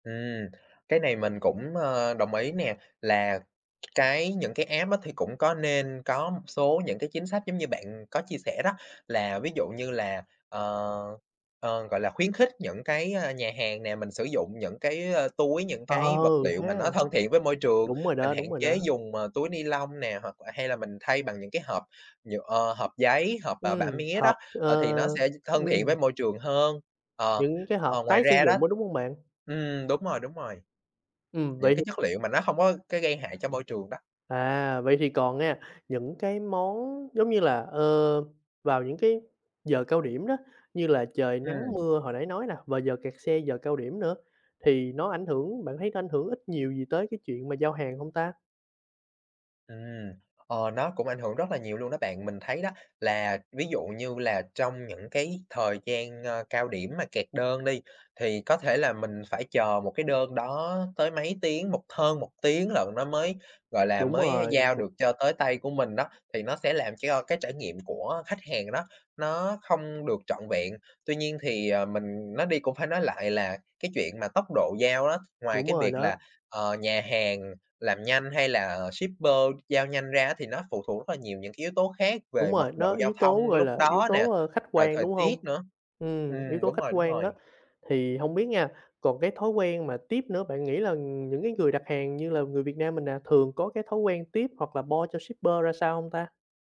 Ừm, cái này mình cũng, ờ, đồng ý nè, là cái những cái app á thì cũng có nên có một số những cái chính sách giống như bạn, ừm, có chia sẻ đó. Là ví dụ như là, ờ, ờ, gọi là, khuyến khích những cái, a, nhà hàng nè, mình sử dụng những cái, a, túi, những Ờ, cái vật liệu thế mà à? nó thân thiện với môi trường, Đúng rồi mình đó, hạn đúng rồi chế đó. dùng, à, túi ni-lông nè, hoặc l hay là mình thay bằng những cái hộp nhựa ờ, hộp giấy, hộp, ờ, bã Ừm, mía đó, hộp ờ, ờ, thì nó sẽ th thân thiện với ừm. môi trường hơn. Ờ, Những cái ờ, hộp ngoài tái sử ra đó dụng đó, đúng hông bạn? ừm, đúng rồi, đúng rồi, Ừm, những vậy thì cái chất liệu mà nó hông có cái gây hại cho môi trường đó. À, vậy thì còn nghe, những cái món, giống như là, ơ, vào những cái giờ cao điểm đó, như là trời nắng, Ừm. mưa, hồi nãy nói nè, và giờ kẹt xe, giờ cao điểm nữa thì nó ảnh hưởng bạn thấy nó ảnh hưởng ít nhiều gì tới cái chuyện mà giao hàng hông ta? Ừm, ờ, nó cũng ảnh hưởng rất là nhiều luôn đó bạn. Mình thấy đó, là ví dụ như là trong những cái thời gian, a, cao điểm mà kẹt đơn đi, thì có thể là mình phải chờ một cái đơn đó tới mấy tiếng, một hơn 1 tiếng lận nó mới, gọi là, Đúng mới rồi giao [unintelligible] được cho tới tay của mình đó, thì nó sẽ làm cho cái trải nghiệm của khách hàng đó, nó không được trọn vẹn. Tuy nhiên thì, ờ, mình nói đi cũng phải nói lại, là cái chuyện mà tốc độ giao á, ngoài Đúng cái rồi việc đó. là, ờ, nhà hàng làm nhanh hay là shipper giao nhanh ra á, thì nó phụ thuộc rất là nhiều những cái yếu tố khác Đúng về mật rồi, độ nó giao yếu thông tố, gọi lúc là, yếu đó nè, tố, a, khách rồi quan, thời đúng tiết hông? nữa. Ừm, yếu Ừm, tố đúng khách rồi, đúng quan đó, rồi. thì hông biết nha, còn cái thói quen mà tiếp nữa, bạn nghĩ là, ừm, những cái người đặt hàng như là người Việt Nam mình nè, thường có cái thói quen tip hoặc là bo cho shipper ra sao hông ta?